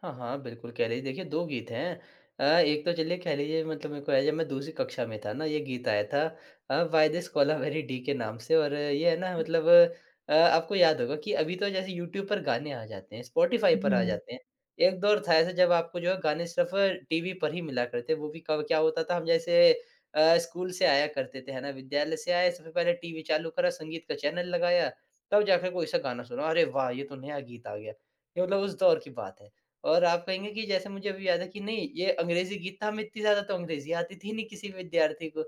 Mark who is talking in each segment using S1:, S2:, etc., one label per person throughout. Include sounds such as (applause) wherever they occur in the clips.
S1: हाँ, हाँ, बिल्कुल कह लीजिए देखिए 2 गीत हैं। अ, एक तो चलिए कह लीजिए मतलब मेरे को हैं, मैं जब दूसरी कक्षा में था ना, ये गीत आया था uh, why this Kolaveri Di के नाम से और ये है ना मतलब अ, आपको याद होगा कि अभी तो जैसे यूट्यूब पर गाने आ जाते हैं, स्पॉटिफ़ाई पर आ
S2: हुँ।
S1: जाते हैं। एक दौर था ऐसा जब आपको जो है गाने सिर्फ टीवी पर ही मिला करते थे, वो भी कब क्या होता था हम जैसे अ, स्कूल से आया करते थे है ना, विद्यालय से आए, सबसे पहले टीवी चालू करा, संगीत का चैनल लगाया, तब जाके कोई-सा गाना सुना। अरे वाह! ये तो नया गीत आ गया, ये मतलब उस दौर की बात है। और आप कहेंगे कि जैसे मुझे अभी याद है कि नहीं ये अंग्रेजी गीत था हमें इतनी ज़्यादा तो अंग्रेजी आती थी नहीं किसी विद्यार्थी को,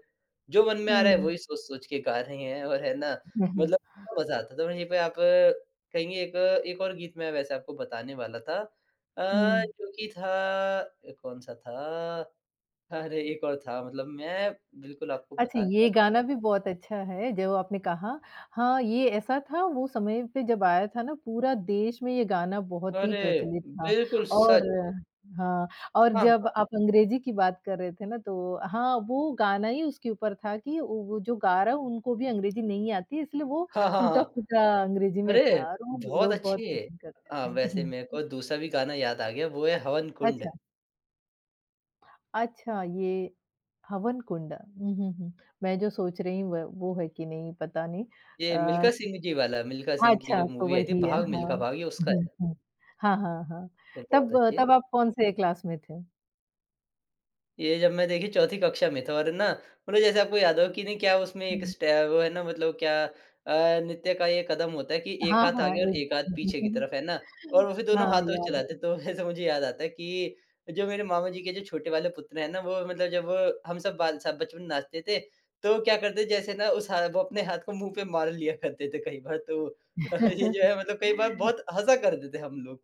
S1: जो मन में आ रहा है
S2: हुँ।
S1: वही सोच-सोच के गा रहे हैं और है ना
S2: हुँ, हुँ।
S1: मतलब मज़ा आता था। वहीं पे आप कहेंगे एक एक और गीत मैं वैसे आपको बताने वाला था अ,
S2: हुँ।
S1: जो कि था अ, कौन-सा था? अरे, एक और था मतलब मैं बिल्कुल आपको
S2: अच्छा,
S1: बताने
S2: ये गाना
S1: वाला था।
S2: भी बहुत अच्छा है, जब आपने कहा हाँ, ये ऐसा था वो समय पे जब आया था ना, पूरा देश में ये गाना बहुत ही
S1: अरे!
S2: प्रचलित था।
S1: बिल्कुल सच।
S2: और हाँ, और
S1: हाँ,
S2: जब
S1: हाँ।
S2: आप अंग्रेजी की बात कर रहे थे ना, तो हाँ, वो गाना ही उसके ऊपर था कि ओ, वो जो गा रहा है, उनको भी अंग्रेजी नहीं आती, इसलिए वो
S1: हाँ, हाँ, हाँ।
S2: टूटा-फूटा अंग्रेजी में
S1: अरे,
S2: था और वो
S1: बहुत
S2: लोग बहुत
S1: अच्छे।
S2: पसंद करते
S1: अ,
S2: थे। उ,
S1: वैसे मेरे
S2: हुँ।
S1: को दूसरा भी गाना याद आ गया, वो है हवन कुंड।
S2: अच्छा। अच्छा, ये हवन कुंड। हुँ, हुँ, हुँ। मैं जो सोच रही हूँ, व वो है कि नहीं पता नहीं।
S1: ये
S2: अ
S1: मिल्खा सिंह जी वाला, मिल्खा सिंह की
S2: अच्छा,
S1: जो
S2: तो
S1: मूवी आई थी,
S2: वही है,
S1: भाग
S2: हाँ।
S1: मिल्खा भाग, ये उसका
S2: हुँ,
S1: है।
S2: हुँ। हाँ, हाँ, हाँ।
S1: ए बहुत
S2: तब
S1: अच्छे।
S2: तब आप कौन-से क्लास में थे?
S1: ये जब मैं देखिए चौथी कक्षा में था और है ना मतलब जैसे आपको याद होगा कि नहीं क्या उसमें एक
S2: हुँ।
S1: स्टेप वो है ना मतलब क्या अ, नृत्य का ये कदम होता है कि एक
S2: हाँ,
S1: हाथ
S2: हाँ,
S1: आगे और
S2: एक
S1: एक हाथ पीछे की तरफ
S2: (unintelligible)
S1: है ना? और वो फिर दोनों
S2: हाँ,
S1: हाथों से
S2: याद है।
S1: चलाते, तो वैसे मुझे याद आता है कि जो मेरे मामा जी के जो छोटे वाले पुत्र हैं ना, वो मतलब जब हम सब बाल सब बचपन नाचते थे तो क्या करते, जैसे ना उस हाथ वो अपने हाथ को मुँह पे मार लिया करते थे कई बार तो अ, ये जो है मतलब कई बार
S2: (chuckles)
S1: बहुत हँसा कर देते हम लोग।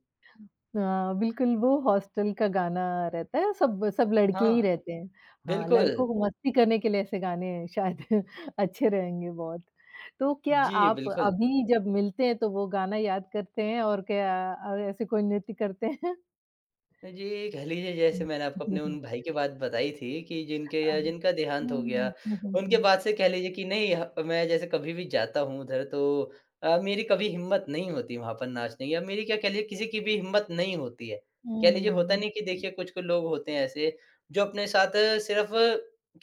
S2: हाँ, बिल्कुल वो हॉस्टल का गाना रहता है, सब, सब लड़के
S1: हाँ,
S2: ही रहते हैं। हाँ,
S1: बिल्कुल।
S2: लड़कों को मस्ती करने के लिए ऐसे गाने शायद अच्छे रहेंगे बहुत, तो क्या
S1: जी,
S2: आप
S1: बिल्कुल।
S2: अभी जब मिलते हैं तो वो गाना याद करते हैं और क्या अ, ऐसे कोई नृत्य करते हैं?
S1: अ, जी, कह लीजिए जैसे
S2: हुँ।
S1: मैंने आपको अपने
S2: (chuckles)
S1: उन भाई के बाद बताई थी कि जिनके
S2: अ,
S1: अ,
S2: उ
S1: जिनका देहांत हो गया,
S2: हुँ, हुँ,
S1: उनके
S2: हुँ।
S1: बाद से कह लीजिए कि नहीं ह मैं जैसे कभी भी जाता हूँ उधर तो अ, मेरी कभी हिम्मत नहीं होती वहाँ पर नाचने की या मेरी क्या कह लीजिए किसी की भी हिम्मत नहीं होती है। कह लीजिए होता
S2: हुँ।
S1: नहीं कि देखिए कुछ-कुछ लोग होते हैं ऐसे, जो अपने साथ सिर्फ़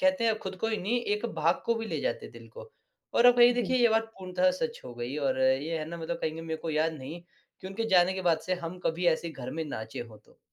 S1: कहते हैं खुद को ही नहीं, एक भाग को भी ले जाते दिल को। और अब ये देखिए
S2: बिल्क
S1: ये बात पूर्णतः सच हो गई और ये है ना मतलब कहेंगे मेरे को याद नहीं, कि उनके जाने के बाद से हम कभी ऐसे घर में नाचें हों तो।